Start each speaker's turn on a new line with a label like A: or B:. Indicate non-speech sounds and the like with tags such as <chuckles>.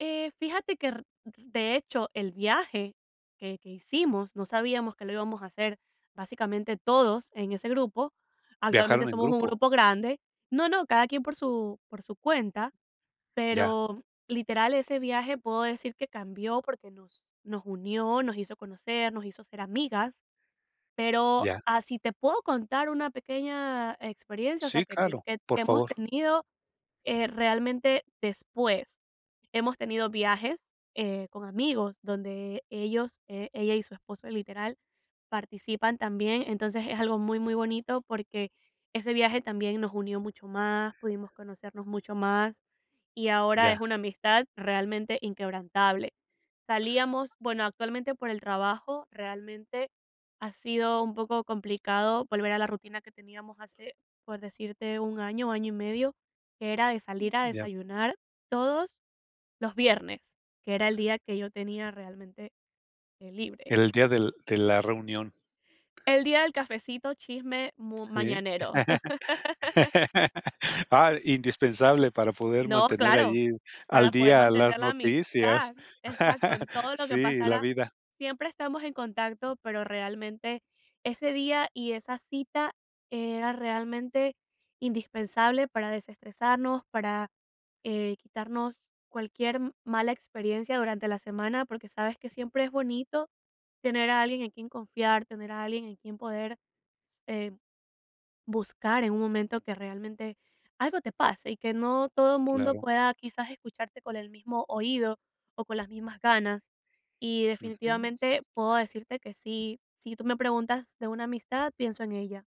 A: Eh, fíjate que, r de hecho, el viaje que que hicimos, no sabíamos que lo íbamos a hacer básicamente todos en ese grupo. Actualmente
B: ¿Viajaron en
A: somos un
B: grupo?
A: grupo grande No, no, cada quien por su por su cuenta,
B: Ya.
A: pero, literal, ese viaje puedo decir que cambió, porque nos nos unió, nos hizo conocernos, nos hizo ser amigas. Pero
B: Ya.
A: así te puedo contar una pequeña experiencia, o sea,
B: Sí,
A: que ten
B: claro.
A: que
B: Por
A: hemos
B: favor.
A: tenido, eh, realmente después. Hemos tenido viajes, eh, con amigos, donde ellos, eh, ella y su esposo, literal, participan también, entonces es algo muy, muy bonito, porque ese viaje también nos unió mucho más, pudimos conocernos mucho más, y ahora es
B: Ya.
A: una amistad realmente inquebrantable. Salíamos bueno, actualmente, por el trabajo, realmente ha sido un poco complicado volver a la rutina que teníamos hace, por decirte, 1 año, año y medio, que era de
B: Mm,
A: salir a
B: ya.
A: desayunar todos los viernes, que era el día que yo tenía realmente, eh, libre.
B: Era el día del de la reunión.
A: El día del cafecito, chisme mu
B: Sí.
A: mañanero.
B: <laughs>
A: <laughs>
B: Ah, indispensable para poder
A: No,
B: mantener
A: claro.
B: allí al
A: Para poder
B: día las
A: mantener la
B: noticias.
A: amistad. Exacto,
B: <chuckles>
A: en todo lo que
B: Sí, la
A: pasara,
B: vida.
A: siempre estamos en contacto, pero realmente ese día y esa cita era realmente indispensable para desestresarnos, para, eh, quitarnos cualquier mala experiencia durante la semana, porque sabes que siempre es bonito tener a alguien en quien confiar, tener a alguien en quien poder s eh, buscar en un momento que realmente algo te pase y que no todo mundo
B: Claro.
A: pueda quizás escucharte con el mismo oído o con las mismas ganas. Y,
B: Ujú.
A: definitivamente, puedo decirte que sí si tú me preguntas de una amistad, pienso en ella.